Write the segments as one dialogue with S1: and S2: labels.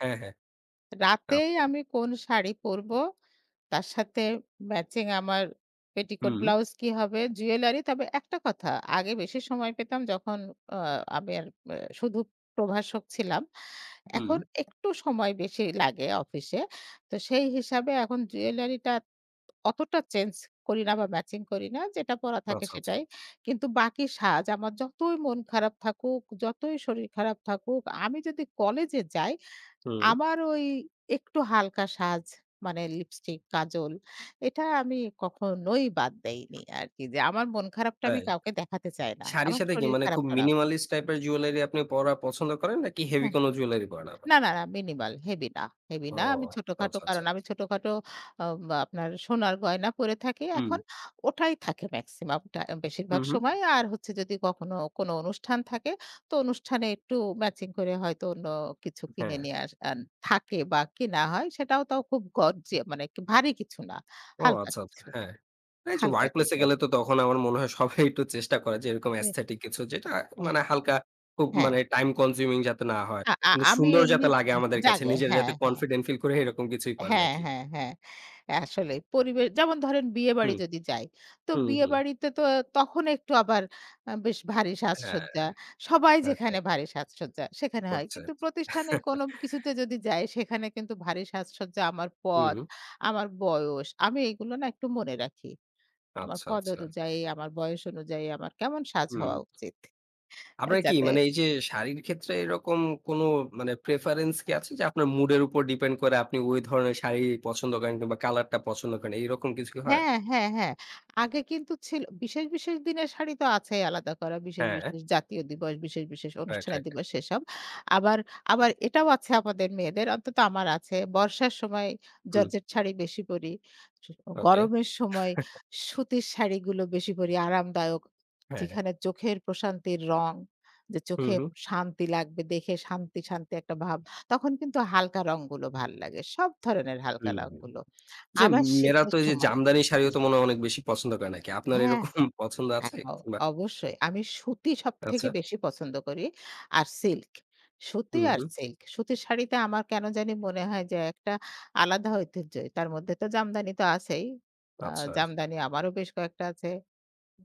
S1: হ্যাঁ, হ্যাঁ।
S2: রাতেই
S1: আচ্ছা।
S2: আমি কোন শাড়ি পড়ব, তার সাথে ম্যাচিং আমার পেটিকোট
S1: হুম।
S2: ব্লাউজ কি হবে? জুয়েলারি। তবে একটা কথা আগে বেশি সময় পেতাম যখন অ আমি আর আ শুধু প্রভাষক ছিলাম। এখন
S1: হুম।
S2: একটু সময় বেশি লাগে অফিসে। তো সেই হিসাবে এখন জুয়েলারি টা অতটা চেঞ্জ করি না বা, ম্যাচিং করি না। যেটা পড়া থাকে
S1: আচ্ছা,
S2: সেটাই।
S1: আচ্ছা।
S2: কিন্তু বাকি সাজ আমার যতই মন খারাপ থাকুক, যতই শরীর খারাপ থাকুক, আমি যদি কলেজে যাই
S1: হুম।
S2: আমার ওই একটু হালকা সাজ মানে লিপস্টিক, কাজল এটা আমি কখনোই বাদ দেইনি আরকি। যে আমার মন খারাপটা আমি
S1: তাই?
S2: কাউকে দেখাতে চাই না।
S1: শাড়ির
S2: আমার
S1: সাথে কি
S2: শরীর
S1: মানে
S2: খারাপ
S1: খুব
S2: টারাপ।
S1: মিনিমালিস্ট টাইপের জুয়েলারি আপনি পরা পছন্দ করেন, নাকি হেভি
S2: হ্যাঁ।
S1: কোনো জুয়েলারি পরাটা?
S2: না, না, না মিনিমাল হেভি না। হেভি
S1: ও
S2: না আমি ছোটখাটো
S1: আচ্ছা,
S2: কারণ
S1: আচ্ছা।
S2: আমি ছোটখাটো অ্যা আপনার সোনার গয়না পড়ে থাকি
S1: হুম।
S2: এখন ওটাই থাকে মেক্সিমামটা বেশিরভাগ
S1: হুম, হুম।
S2: সময়। আর হচ্ছে যদি কখনো কোনো অনুষ্ঠান থাকে তো অনুষ্ঠানে একটু ম্যাচিং করে হয়তো অন্য কিছু কিনে
S1: হ্যাঁ।
S2: নিয়ে আস আ থাকে বা, কিনা হয় সেটাও তো খুব গর্জি মানে ভারী কিছু না।
S1: ও
S2: হালকা
S1: আচ্ছা, আচ্ছা।
S2: কিছু,
S1: হ্যাঁ। এইযে
S2: হালকা
S1: ওয়ার্কপ্লেস এ
S2: কিছু।
S1: গেলে তো তখন আমার মনে হয় সবাই একটু চেষ্টা করে যে এরকম
S2: এ
S1: aesthetic কিছু যেটা,
S2: অ্যা
S1: মানে হালকা খুব
S2: হ্যাঁ।
S1: মানে টাইম কনজিউমিং যাতে না হয়।
S2: আ আ
S1: কিন্তু
S2: আমি
S1: সুন্দর
S2: এমনি
S1: যাতে লাগে আমাদের কাছে,
S2: জাগে
S1: নিজেরা
S2: হ্যাঁ,
S1: যাতে
S2: হ্যাঁ,
S1: কনফিডেন্ট ফিল করে এরকম কিছুই পরে
S2: হ্যাঁ,
S1: নাকি?
S2: হ্যাঁ, হ্যাঁ, হ্যাঁ। আসলে পরিবেশ যেমন ধরেন বিয়েবাড়ি
S1: হুম,
S2: যদি যাই তো
S1: হুম, হুম।
S2: বিয়েবাড়িতে তো তখন একটু আবার অ্যা বেশ ভারী
S1: হ্যাঁ
S2: সাজসজ্জা। সবাই
S1: আচ্ছা, আচ্ছা।
S2: যেখানে ভারী সাজসজ্জা সেখানে হয়।
S1: করছে।
S2: কিন্তু প্রতিষ্ঠানের কোনো কিছুতে যদি যাই সেখানে কিন্তু ভারী সাজসজ্জা আমার পদ,
S1: হুম।
S2: আমার বয়স। আমি এগুলো না একটু মনে রাখি। আমার
S1: আচ্ছা,
S2: পদ
S1: আচ্ছা।
S2: অনুযায়ী, আমার বয়স অনুযায়ী আমার কেমন সাজ
S1: হুম।
S2: হওয়া উচিত?
S1: আপনার কি
S2: যাতে
S1: মানে এইযে শাড়ির ক্ষেত্রে এরকম কোনো মানে প্রেফারেন্স কি আছে যে আপনার মুড এর উপর ডিপেন্ড করে আপনি ওই ধরনের শাড়ি পছন্দ করেন কিংবা কালার টা পছন্দ করেন। এরকম কিছু কি হয়?
S2: হ্যাঁ, হ্যাঁ, হ্যাঁ। আগে কিন্তু ছিল বিশেষ, বিশেষ দিনের শাড়ি তো আছেই আলাদা করা। বিশেষ,
S1: হ্যাঁ।
S2: বিশেষ জাতীয় দিবস বিশেষ, বিশেষ
S1: রাইট,
S2: অনুষ্ঠানের
S1: রাইট।
S2: দিবস এসব। আবার আবার এটাও আছে আমাদের মেয়েদের অন্তত আমার আছে। বর্ষার সময়
S1: হুম।
S2: জর্জেট শাড়ি বেশি পড়ি। স
S1: ওকে।
S2: গরমের সময় সুতির শাড়িগুলো বেশি করে আরামদায়ক।
S1: হ্যাঁ।
S2: যেখানে চোখের প্রশান্তির রং, যে
S1: হুম,
S2: চোখে
S1: হুম।
S2: শান্তি লাগবে দেখে শান্তি, শান্তি একটা ভাব তখন কিন্তু হালকা রংগুলো ভাল লাগে। সব ধরনের হালকা
S1: হুম, হুম।
S2: রংগুলো।
S1: যে
S2: আবার
S1: মেয়েরা
S2: শীতের
S1: তো এইযে
S2: সময়
S1: জামদানি শাড়িও
S2: [unintelligible]
S1: তো মনে হয় অনেক বেশি পছন্দ করে নাকি? আপনার
S2: হ্যাঁ।
S1: এরকম পছন্দ আছে
S2: [unintelligible]
S1: কিংবা
S2: অবশ্যই। আমি সুতি সবথেকে
S1: আচ্ছা।
S2: বেশি পছন্দ করি, আর সিল্ক। সুতি
S1: হুম,
S2: আর
S1: হুম।
S2: সিল্ক। সুতির শাড়িতে আমার কেনো জানি মনে হয় যে একটা আলাদা ঐতিহ্যই তার মধ্যে তো জামদানি তো আছেই। আ
S1: আচ্ছা।
S2: জামদানি আমারও বেশ কয়েকটা আছে।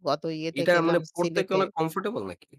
S2: গত ইয়েতে
S1: এটা মানে
S2: গেলাম
S1: পড়তে কি অনেক
S2: সিলেটে।
S1: কমফোর্টেবল নাকি?